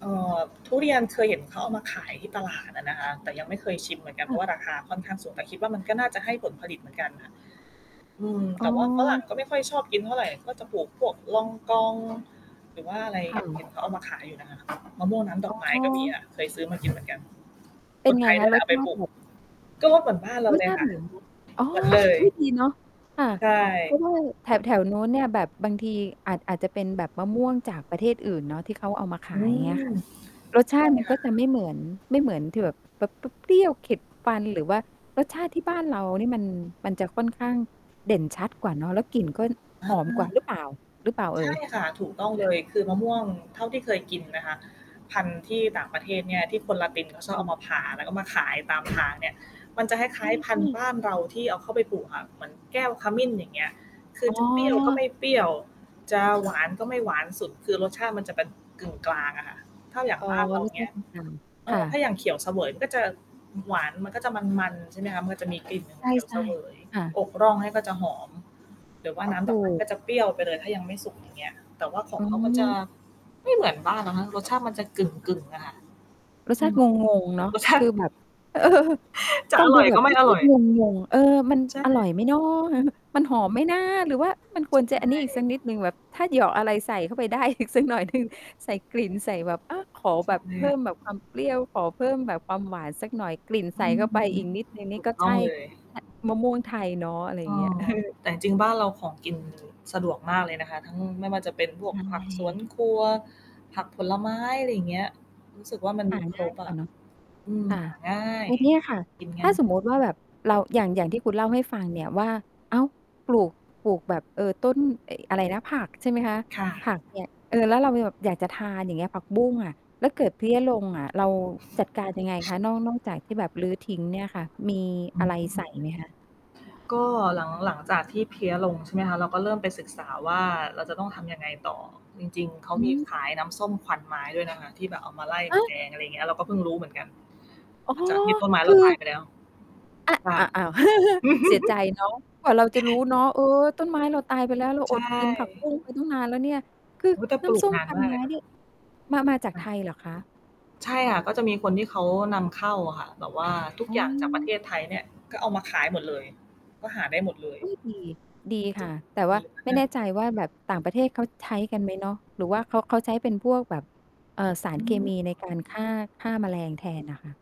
เอ่อ ทุเรียนเคยเห็นเขาเอามาขายที่ตลาดอะนะคะ แต่ยังไม่เคยชิมเหมือนกันคเพ่ราะวะ ่า ราคาค่อนข้างสูง แต่คิดว่ามันก็น่าจะให้ผลผลิตเหมือนกันน่ะ อืม อ๋แตอ ่ว่าฝรั่ง ก็ไม่ค่อยชอบกินเท่าไร ก็จะปลูกพวกลองกองหรือว่าอะไร ค่เหะ ็นเขาเอามาขายอยู่นะคะ มะม่วงน้ำดออ๋กไม้ก็มีอ อะ เคยซื้อมา กิน เหมือนกัน เปค็นนไไงทยคนะ ี่แหรละส เอาชไปาตปลิูแก บบ ก็เหมือนบ้านเรารสเลชยาตคิ ่ะ เหมือน อ๋อ เหมือน เลย อุ๊ย ดีเนาะ ค่ะ ใช่ เพราะว่าแถว แถวโน้นเนี่ยแบบบางทีอาจ อาจจะเป็นแบบมะม่วงจากประเทศอื่นเนาะ ที่เขาเอามาขอืาย อย่างเงี้ม ยค่ะ ใช่รสชาติมันก็จะคไม่ะ ่เหมือน ไม่เหมือนที่แบบ แบบเปรี้ยว ๆ เข็ดฟัน หรือว่ารสชาติที่บ้านเรานี่มัน มันจะค่อนข้างเด่นชัดกว่าเนาะ แล้วกลิ่นก็อหอมกว่าา หรือเปล่า หรือเปล่าเใอช่่ย? ค่ะ ถูกต้องเลย คือมะม่วงเท่าที่เคยกินนะคะ พันธุ์ที่ต่างประเทศเนี่ย ที่คนละตินเขาชอบอเอาืม มาผ่าแล้ว ก็มาขายตาม ทางเนี่ย มันจะคล้าย ๆ พันธุ์บ้านเราที่เอาเข้าไปปลูกค่ะ เหมือนแก้วขมิ้น อย่างเงี้ย คืออ๋จะเปรี้ยวก็ไมอ ่เปรี้ยว จะหวาน ก็ไม่หวานสุด คือรสชาติมันจะเป็น กึ่งกลางอะค่ะ ถ้าอย่าอง๋อ บ้านเรา อย่างเงี้ย เอค่่อ ถะ ้าอย่างเขียวเสวยมันก็จะหวาน มันก็จะมัน ๆ ใช่ไหมคะ มันก็จะมีกลิ่นใเขียวชเส่ วย ๆ ค่ะ อกร่องให้ก็จะหอม หรือว่าน้ำถดูอกไม้ กก ็จะเปรี้ยวไปเลยถ้ายังไม่สุก อย่างเงี้ย แต่ว่าขอองืเขามันจะม ไม่เหมือนบ้านนะคะ รสชาติมันจะกคึ่่ะ ง ๆ อะค่ะ รสอชืาติม งง ๆ เนาะ รสชคาตืิ อแบบ เออ จะฟัองดรู่อย แบกบ ็ไมร่สอชรา่ตอิย งง ๆ เออ มันใชอร่่ อยไหมน้อ มันหอมไหมนะ หรือว่ามันควรจใะอันนชี้อีกสั่ กนิดหนึ่ง แบบถ้าเหยาะอะไรใส่เข้าไป ได้อีกสักหน่อยหนึ่ง ใส่กลิ่นใส่แบบ อา ขอใชแบ่บคเพิ่่ะ มแบบความเปรี้ยว ขอเพิ่มแบบความหวานสักหน่อย กลิ่นอใสื่ม เข้าไปอีกนิดหนึ่งนถี่ ูกก็ตใ้ชอ่ งเลย ม มะม่วงไทยเนาะ อะไรอเยอ่างเงี้ย อ เออ แต่จริง ๆ บ้านเราของกินสะดวกมากเลยนะคะ ทั้งไม่ว่าจะเป็นพใวชกผักสว่ นครัว ผักผลไม้ อะไรอย่างเงี้ย รู้สึกว่ามันหมาีคงร่ายบกอว่าะ เนาะ อืม ค่หะ าง่าย แล้วเนี่ยค่ะ กินกถั้น าสมมุติว่าแบบเรา อย่าง อย่างที่คุณเล่าให้ฟังเนี่ยว่า อ้าว! ปลูก ปลูกแบบ เอ่อ ต้น ไอ้อะไรนะ ผักใช่ไหมคะ ค่ะ ผักเนี่ย เอ่อ แล้วเราแบบอยากจะทานอย่างเงี้ย ผักบุ้งอะ แล้วเกิดเพี้ยลงอะ เราจัดการยังไงคะ นอก นอกจากที่แบบรื้อทิ้งเนี่ยค่ะ มีออะไรใสืม ่ไหมคะ? ก็หลัง หลังจากที่เพลี้ยลง ใช่ไหมคะ เราก็เริ่มไปศึกษาว่า เราจะต้องทำยังไงต่อ จริง ๆ เขาอมีือ ขายน้ำส้มควันไม้ด้วยนะคะ ที่แบบเอามาไล่เฮแม้ลย! ง อะไรอย่างเงี้ย เราก็เพิ่งรู้เหมือนกัน อ๋อ หลังจากที่ต้นไม้คเรืาตาอ ยไปแล้ว อะ ค่ะ อ อ้าว เสียใจเนาะ กว่าเราจะรู้เนาะ เออ ต้นไม้เราตายไปแล้ว เราใชอดกินผักบุ้่ งไปตั้งนานแล้วเนี่ย คืออุ๊ย! แต่นป้ลูำสก้มนาคนวันมากไมเล้ยนเะ นี่ยมา มาจากค่ไทะ ยเหรอคะ? ใช่ค่ะ ก็จะมีคนที่เขานำเข้าอะค่ะ แบบว่าทุกอือย่างจากประเทม ศไทยเนี่ย ก็เอามาขายหมดเลย ก็หาได้หมดเลย อุ๊ย! ดี ดีค่ะ แต่วด่ีาไมม่าแนก ่ใจว่าแบบต่างประเทศเขาใช้กันไหมเนาะ? หรือว่าเขา เขาใช้เป็นพวกแบบ เอ่อ สาอรืเคมม ีในการฆ่า ฆ่าแมลงแทนน่ะค่ะ